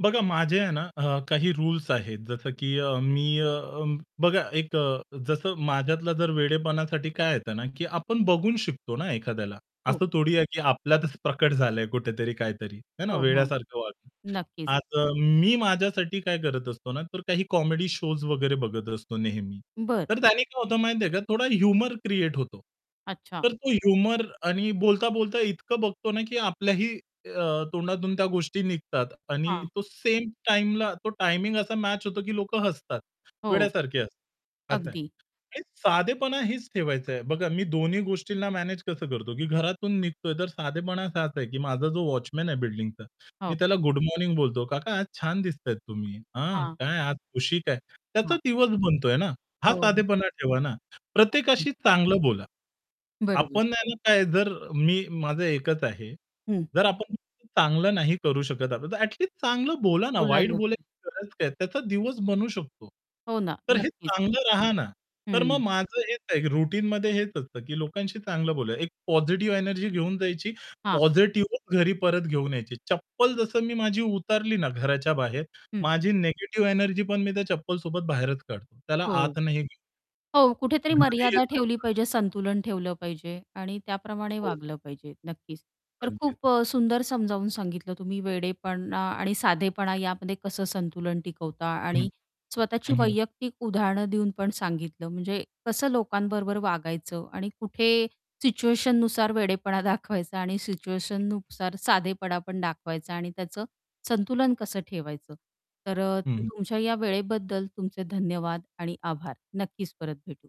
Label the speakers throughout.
Speaker 1: बघा माझे आहे ना, अ, काही रुल्स आहेत, जसं की अ, मी अ, बघा एक अ, जसं माझ्यातला जर वेडेपणासाठी काय येतं ना, की आपण बघून शिकतो ना एखाद्याला.
Speaker 2: हो.
Speaker 1: असं थोडी आहे, की आपल्यातच प्रकट झालंय कुठेतरी काहीतरी, है ना,
Speaker 2: हो, हो.
Speaker 1: वेड्यासारखं वागलं.
Speaker 2: नक्कीच.
Speaker 1: आज अ, मी माझ्यासाठी काय करत असतो ना, तर काही कॉमेडी शोज वगैरे बघत असतो नेहमी.
Speaker 2: बरं.
Speaker 1: तर त्याने काय होतं माहिती आहे का थोडा ह्युमर क्रिएट होतो.
Speaker 2: अच्छा.
Speaker 1: तर तो ह्युमर आणि बोलता-बोलता इतकं बघतो ना, की आपल्याही अ, तोंडातून त्या गोष्टी निघतात आणि
Speaker 2: हां.
Speaker 1: तो सेम टाईमला तो टायमिंग असा मॅच होतो की लोक हसतात.
Speaker 2: हो.
Speaker 1: वेड्यासारखे हसतात. असं आहे.
Speaker 2: अगदी.
Speaker 1: आणि साधेपणा हेच ठेवायचं आहे. बघा मी दोन्ही गोष्टींना मॅनेज कसं करतो, की घरातून निघतोय तर साधेपणा असाच आहे, की माझा जो वॉचमन आहे बिल्डिंगचा मी
Speaker 2: हो.
Speaker 1: त्याला गुड मॉर्निंग बोलतो. "काका आज छान दिसताय तुम्ही. हां
Speaker 2: हां.
Speaker 1: काय आज खुशी काय?" त्याचा
Speaker 2: हां.
Speaker 1: दिवस बनतोय ना. हा
Speaker 2: हो.
Speaker 1: साधेपणा ठेवा ना.
Speaker 2: [unintelligible]
Speaker 1: प्रत्येकाशी चांगलं बोला.
Speaker 2: बरोबर.
Speaker 1: आपण ना काय जर मी माझं एकच आहे,
Speaker 2: हं.
Speaker 1: जर आपण [unintelligible] चांगलं नाही करू शकत आता, तर ॲट लिस्ट चांगलं बोला ना वाईट
Speaker 2: बोलायला काय.
Speaker 1: बोलायची गरज काय? त्याचा दिवस बनू शकतो.
Speaker 2: हो ना,
Speaker 1: तर हे
Speaker 2: नक्कीच.
Speaker 1: चांगलं रहा ना. तर मग
Speaker 2: हं.
Speaker 1: माझं हेच आहे रुटीनमध्ये हेच असतं, की लोकांशी चांगलं बोला एक पॉझिटिव्ह एनर्जी घेऊन जायची.
Speaker 2: हां.
Speaker 1: पॉझिटिव्हच घरी परत घेऊन यायची. चप्पल जसं मी माझी उतारली ना घराच्या बाहेर,
Speaker 2: हं.
Speaker 1: माझी निगेटिव्ह एनर्जी पण मी त्या चप्पलसोबत बाहेरच काढतो. त्याला
Speaker 2: हो.
Speaker 1: आत नाही घे [unintelligible]
Speaker 2: हो, कुठेतरी
Speaker 1: घरी
Speaker 2: मर्यादा ठेवली
Speaker 1: येतांना
Speaker 2: पाहिजे संतुलन ठेवलं पाहिजे आणि त्याप्रमाणे
Speaker 1: हो.
Speaker 2: वागलं पाहिजे, नक्कीच. तर खूप
Speaker 1: अगदीच.
Speaker 2: अ, सुंदर समजावून सांगितलं तुम्ही वेडेपणा आणि साधेपणा यामध्ये कसं संतुलन टिकवता
Speaker 1: हं,
Speaker 2: आणि स्वतःची
Speaker 1: हं, हं.
Speaker 2: वैयक्तिक उदाहरणं देऊन पण सांगितलं म्हणजे कसं लोकांबरोबर वागायचं आणि कुठे सिच्युएशननुसार वेडेपणा दाखवायचा आणि
Speaker 1: हं, हं.
Speaker 2: सिच्युएशननुसार साधेपणा पण दाखवायचा आणि त्याचं संतुलन कसं ठेवायचं. तर अ,
Speaker 1: हं,
Speaker 2: त
Speaker 1: हं.
Speaker 2: तुमच्या या वेळेबद्दल तुमचे धन्यवाद आणि आभार नक्कीच परत भेटू.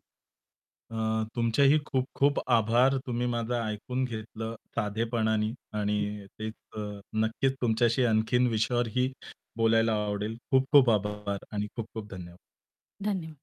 Speaker 1: अ, तुमचेही खूप-खूप आभार. तुम्ही माझं ऐकून घेतलं साधेपणाने
Speaker 2: हं.
Speaker 1: आणि तेच अ, नक्कीच तुमच्याशी आणखीन विषयावरही बोलायला आवडेल.
Speaker 2: हो.
Speaker 1: खूप-खूप आभार आणि खूप-खूप धन्यवाद.
Speaker 2: धन्यवाद.